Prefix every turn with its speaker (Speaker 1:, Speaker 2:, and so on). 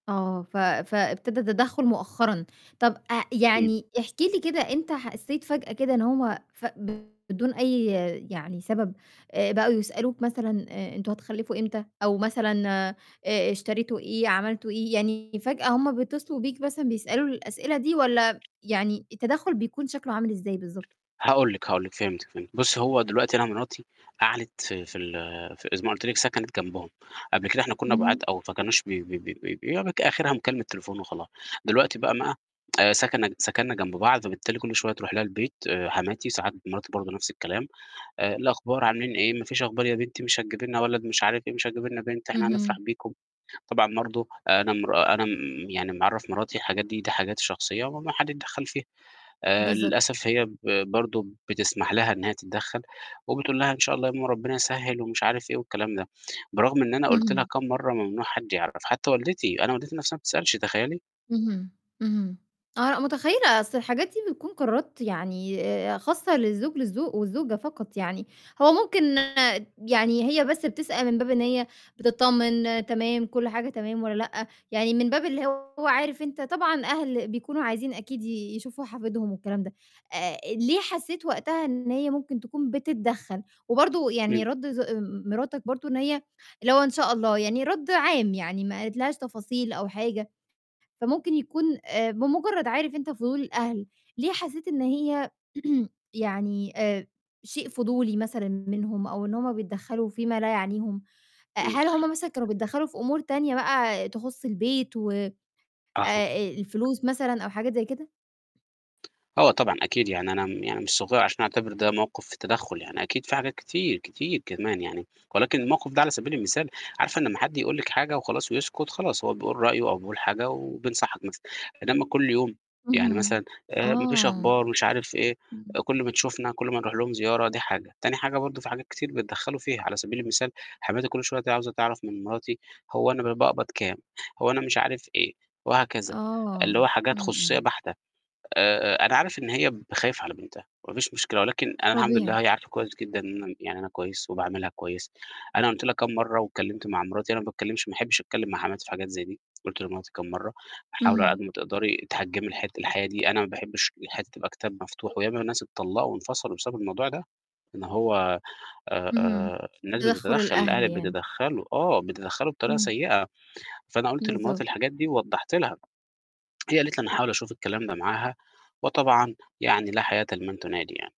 Speaker 1: آه، ف فابتدا تدخُّل مؤخرًا، طَب آآ
Speaker 2: [unintelligible]
Speaker 1: يعني احكِ لي كده أنت حسّيت فجأة كده إن هُم ف بدون أي يعني سبب آآ بقوا يسألوك مثلًا آآ أنتم هتخلّفوا إمتى، أو مثلًا آآ اشتريتوا إيه، عملتوا إيه، يعني فجأة هُم بيتصلوا بيك مثلًا بيسألوا الأسئلة دي، والّا يعني التدخّل بيكون شكله عامل إزاي بالضبط؟
Speaker 2: هاقُول لِك، هاقُول لِك، فهمتِك، فهمت، بُصّي هو دلوقتي أنا مراتي قعدِت في في ال في زي ما قُلت لِك سكنِت جنبهم، قبل كده إحنا كنّا
Speaker 1: اهم.
Speaker 2: بعاد أوي فكانوش ب ب ب ب يا دوبِك آخرها مكالمة تليفون وخلاص، دلوقتي بقى ما آآ سكنّ سكنّا جنب بعض فبالتالي كلّ شوية تروح لها البيت حماتي ساعات مراتي برضه نفْس الكلام، "إيه الأخبار عاملين إيه، ما فيش أخبار يا بنتي مش هتجيبي لنا ولد مش عارف إيه مش هتجيبي لنا بنت؟ إحنا هنفرح
Speaker 1: اهم.
Speaker 2: بيكم." طبعًا برضه أنا مرا أنا م يعني معرّف مراتي الحاجات دي، دي حاجات شخصية وممنوع حَد يتدخّل فيها، آآ
Speaker 1: بالضبط.
Speaker 2: للأسف هي ب برضه بتسمح لها إن هي تتدخّل وبتقُول لها: "إن شاء الله يا ماما ربنا يسهل" ومش عارف إيه والكلام ده، برغم إن أنا قُلت لها
Speaker 1: اهم.
Speaker 2: كام مَرّة: "ممنوع حد يعرف" حتّى والدتي، أنا والدتي نَفْسها ما بتسألش تخيّلي.
Speaker 1: اهم، اهم، آه، لأ متخيلة، أصل الحاجات دي بتكون قرارات يعني آآ خاصةً للزوج للزو والزوجة فقط يعني، هو ممكن يعني هي بس بتسأل من باب إن هي بتطمن تمام، كلّ حاجة تمام والّا لأ، يعني من باب اللي هو عارف أنت طبعًا أهل بيكونوا عايزين أكيد ي يشوفوا حفيدهم والكلام ده، آآ ليه حسّيت وقتها إن هي ممكن تكون بتدّخل وبرضه يعني
Speaker 2: إمم.
Speaker 1: رد ز مراتك برضه إن هي اللي هو "إن شاء الله" يعني رد عام يعني ما قالت لهاش تفاصيل أو حاجة، فممكن يكون آآ بمجرّد عارف أنت فضول الأهل، ليه حسّيت إن هي يعني آآ شيء فضولي مثلًا منهم أو إن هُم بيتدّخلوا في ما لا يعنيهم، آآ
Speaker 2: إمم.
Speaker 1: هل هُم مثلًا كانوا بيتدخلوا في أمور تانية بقى تخص البيت و
Speaker 2: أها.
Speaker 1: آآ الفلوس مثلًا أو حاجات زي كده؟
Speaker 2: آه طبعًا أكيد، يعني أنا م يعني مش صغيّر عشان أعتبر ده موقِف تدخّل يعني أكيد في حاجات كتير، كتير كمان يعني، ولكن الموقِف ده على سبيل المثال عارفة إن أمّا حد يقُول لِك حاجة وخلاص ويسكت خلاص هو بيقول رأيه أو بيقول حاجة وبينصحك مثلًا، إنما كلّ يوم، يعني
Speaker 1: اهم،
Speaker 2: مثلًا آآ "ما فيش
Speaker 1: آه.
Speaker 2: أخبار" مش عارف إيه، كلّ ما تشوفنا، كلّ ما نروح لهم زيارة دي حاجة، تاني حاجة برضه في حاجات كتير بيتدخّلوا فيها، على سبيل المثال حماتي كلّ شوية ت عاوزة تعرف من مراتي هو أنا ب باقبض كام، هو أنا مش عارف إيه، وهكذا، اللي
Speaker 1: آه،
Speaker 2: هو حاجات
Speaker 1: إمم،
Speaker 2: خصوصية
Speaker 1: إمم.
Speaker 2: بَحتة، آآ أنا عارف إن هي ب خايفة على بنتها ما فيش مشكلة، ولكن أنا الحمد لله
Speaker 1: طبيعي.
Speaker 2: هي عارفة كويس جدًا إن يعني أنا كويس وباعاملها كويس، أنا قُلت لها كام مَرّة واتكلّمت مع مراتي، أنا ما باتكلّمش ما أحبش أتكلّم مع حماتي في حاجات زي دي، قُلت لمراتي كام مَرّة "حاولي على قد
Speaker 1: اهم.
Speaker 2: ما تقدري تحجمي الحت الحياة دي." أنا ما باحبش إن حياتي تبقى كتاب مفتوح وياما ناس اتطلّقوا وانفصلوا بسبب الموضوع ده، إن هو آآ
Speaker 1: اهم،
Speaker 2: آآ الناس
Speaker 1: تدخّل
Speaker 2: بتتدخّل
Speaker 1: الأهل
Speaker 2: الأهل
Speaker 1: يعني.
Speaker 2: بيتدخّلوا، آه بيتدخّلوا بطريقة
Speaker 1: إمم.
Speaker 2: سيئة، فأنا قُلت لمراتي
Speaker 1: بالضبط.
Speaker 2: الحاجات دي ووضّحت لها، هي قالت لي: "أنا هاحاول أشوف الكلام ده معاها." وطبعًا يعني لا حياةً لمن تنادي يعني.